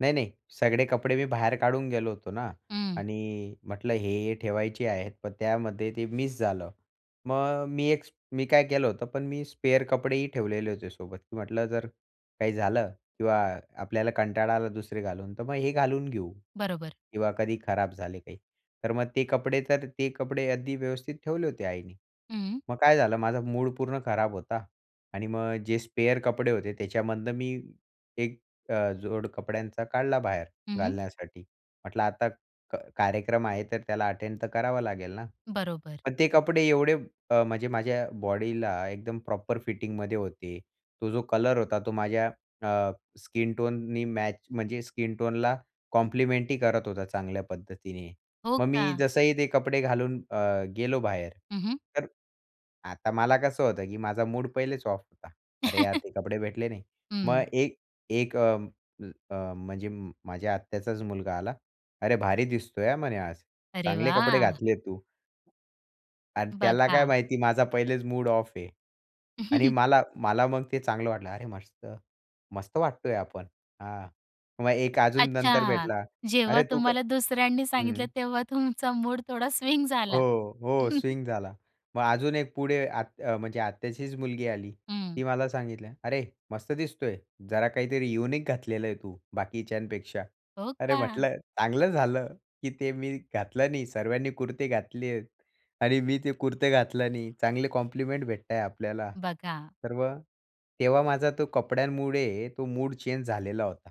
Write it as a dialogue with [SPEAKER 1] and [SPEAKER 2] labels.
[SPEAKER 1] नाही, नाही. सगळे कपडे मी बाहेर काढून गेलो होतो ना.
[SPEAKER 2] हं.
[SPEAKER 1] आणि म्हटलं हे, हे ठेवायचे आहेत पण त्यामध्ये ते मिस झालं. मग मी एक मी काय केलं होतं, पण मी स्पेअर कपडेही ठेवलेले होते सोबत. की म्हटलं जर काही झालं किंवा आपल्याला कंटाळा आला दुसरे घालून तर मग हे घालून घेऊ
[SPEAKER 2] बरोबर.
[SPEAKER 1] किंवा कधी खराब झाले काही. तर मग ते कपडे तर, ते कपडे अगदी व्यवस्थित ठेवले होते आईनी.
[SPEAKER 2] हं.
[SPEAKER 1] मग काय झालं माझं मूड पूर्ण खराब होता. आणि मग जे स्पेअर कपडे होते त्याच्यामधून मी एक अ, जोड कपड्यांचा काढला बाहेर
[SPEAKER 2] हं, हं.
[SPEAKER 1] घालण्यासाठी. म्हटलं, आता क कार्यक्रम आहे तर त्याला अटेंड तर करावा लागेल ना.
[SPEAKER 2] बरोबर.
[SPEAKER 1] मग ते कपडे एवढे अ, म्हणजे माझ्या बॉडीला एकदम प्रॉपर फिटिंगमध्ये होते. तो जो कलर होता तो माझ्या अ, स्किनटोननी मॅच म्हणजे स्किन टोनला कॉम्प्लिमेंटरी करत होता चांगल्या पद्धतीने.
[SPEAKER 2] हो
[SPEAKER 1] मग मी
[SPEAKER 2] का?
[SPEAKER 1] जसंही ते कपडे घालून अ, गेलो बाहेर,
[SPEAKER 2] हं, हं.
[SPEAKER 1] तर आता मला कसं होतं की माझा मूड पहिलेच ऑफ होता. अरे यार ते कपडे भेटले नाही. मग
[SPEAKER 2] हं.
[SPEAKER 1] एक एक अ, अ, म्हणजे माझ्या आत्याचाच मुलगा आला. अरे, भारी दिसतोय हां, म्हणे आज.
[SPEAKER 2] अरे
[SPEAKER 1] चांगले कपडे
[SPEAKER 2] वाह!
[SPEAKER 1] घातले आहे तू. आणि त्याला काय
[SPEAKER 2] बघा.
[SPEAKER 1] माहिती माझा पहिलेच मूड ऑफ आहे. आणि मला मला मग ते चांगलं वाटलं, अरे मस्त मस्त वाटतोय आपण. हां, मग एक अजून नंतर
[SPEAKER 2] अच्छा.
[SPEAKER 1] भेटला.
[SPEAKER 2] जेव्हा
[SPEAKER 1] अरे तू क
[SPEAKER 2] तुम्हाला दुसऱ्यांनी सांगितलं
[SPEAKER 1] हं.
[SPEAKER 2] तेव्हा तुमचा मूड थोडा स्विंग झाला.
[SPEAKER 1] हो, हो स्विंग झाला. मग अजून एक पुढे आत अ, म्हणजे आत्याचीच मुलगी आली.
[SPEAKER 2] हं.
[SPEAKER 1] ती मला सांगितल्या, "अरे, मस्त दिसतोय जरा काहीतरी युनिक घातलेलं आहे तू बाकीच्यांपेक्षा."
[SPEAKER 2] हो
[SPEAKER 1] अरे
[SPEAKER 2] का?
[SPEAKER 1] म्हटलं, चांगलं झालं, की ते मी घातलं नाही. सर्वांनी कुर्ते घातले आहेत आणि मी ते कुर्ते घातलं नाही. चांगले कॉम्प्लिमेंट भेटत आहे आपल्याला.
[SPEAKER 2] बघा.
[SPEAKER 1] तर मग तेव्हा माझा तो कपड्यांमुळे तो मूड चेंज झालेला होता.